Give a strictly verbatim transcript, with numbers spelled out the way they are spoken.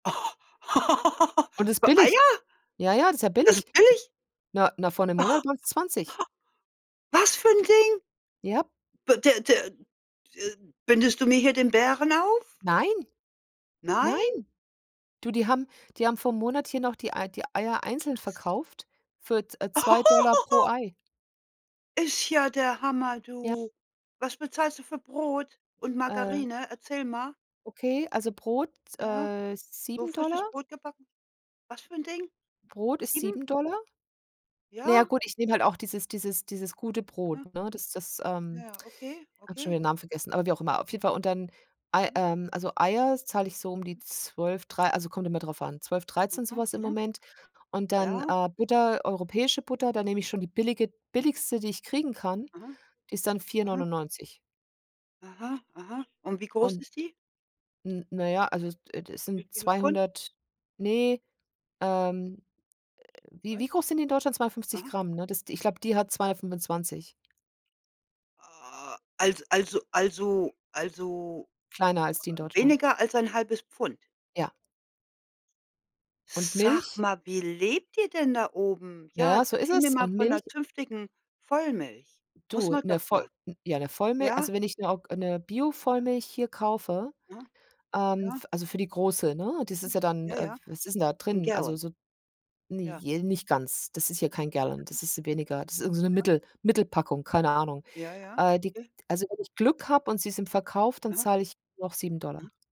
Und das Für billig. Eier? Ja, ja, das ist ja Das billig. ist billig? Na, na, vor 'nem Monat waren's zwanzig. Was für 'n Ding? Ja. B d d d bindest du mir hier den Bären auf? Nein. Nein. Nein? Du, die haben die haben vorm Monat hier noch die Ei die Eier einzeln Was? verkauft für z äh, zwei Dollar pro Ei. Ist ja der Hammer, Ja. du. Was bezahlst du für Brot und Äh. Margarine? Erzähl mal. Okay, also Brot s Ja. äh, So sieben frisches Dollar. Brot gebacken. Was für 'n Ding? Brot ist Sieben? sieben Dollar. Na ja, Ja. gut, ich nehme halt auch dieses dieses dieses gute Aha. Brot, ne? Das das ähm, Ja, okay, habe schon okay. wieder 'n Namen vergessen, aber wie auch immer. Auf jeden Fall und dann Ei Ja. ähm, also Eier zahle ich so um die Mhm. zwölf, drei, also kommt immer drauf an, zwölf, dreizehn, so Mhm. was im Mhm. Moment. Und dann, Ja. äh, Butter, europäische Butter, da nehme ich schon die billige billigste, die ich kriegen kann, Aha. die ist dann vier Aha. neunundneunzig. Aha, aha. Und wie groß Und ist die? N na ja, also es, äh, d Wie sind viele Pfund? zweihundert, ne ähm, äh, wie [unintelligible] wie groß sind die in Deutschland? zweihundertfünfzig Aha. Gramm, ne? Das, d ich glaube, die hat zweihundertfünfundzwanzig. A also, also also also, Kleiner als die in äh, Deutschland. weniger als ein halbes Pfund? Ja. Und Sag Milch? mal, wie lebt ihr denn da oben? Ja, Ja, ja, so ist erzähl mir es. mal Und von Milch? 'ner zünftigen Vollmilch. Muss Du, man 'ne doch Voll mal. n ja, 'ne Vollmil Ja? also wenn ich 'ne og 'ne Ja. Biovollmilch hier kaufe, Mhm. ähm, Ja. f also für die große, ne, das ist Mhm. ja dann Ja, äh, ja. f was ist denn da 'N drin? Also Gallon. so ne, Ja. j nicht ganz, das ist hier kein Gallon, Mhm. das ist weniger, das ist irgend so 'ne Ja. Mittel Mittelpackung, keine Ahnung. Ja, ja. Äh die J also wenn ich Glück habe und sie sind verkauft, dann Aha. zahle ich noch sieben Dollar. Mhm.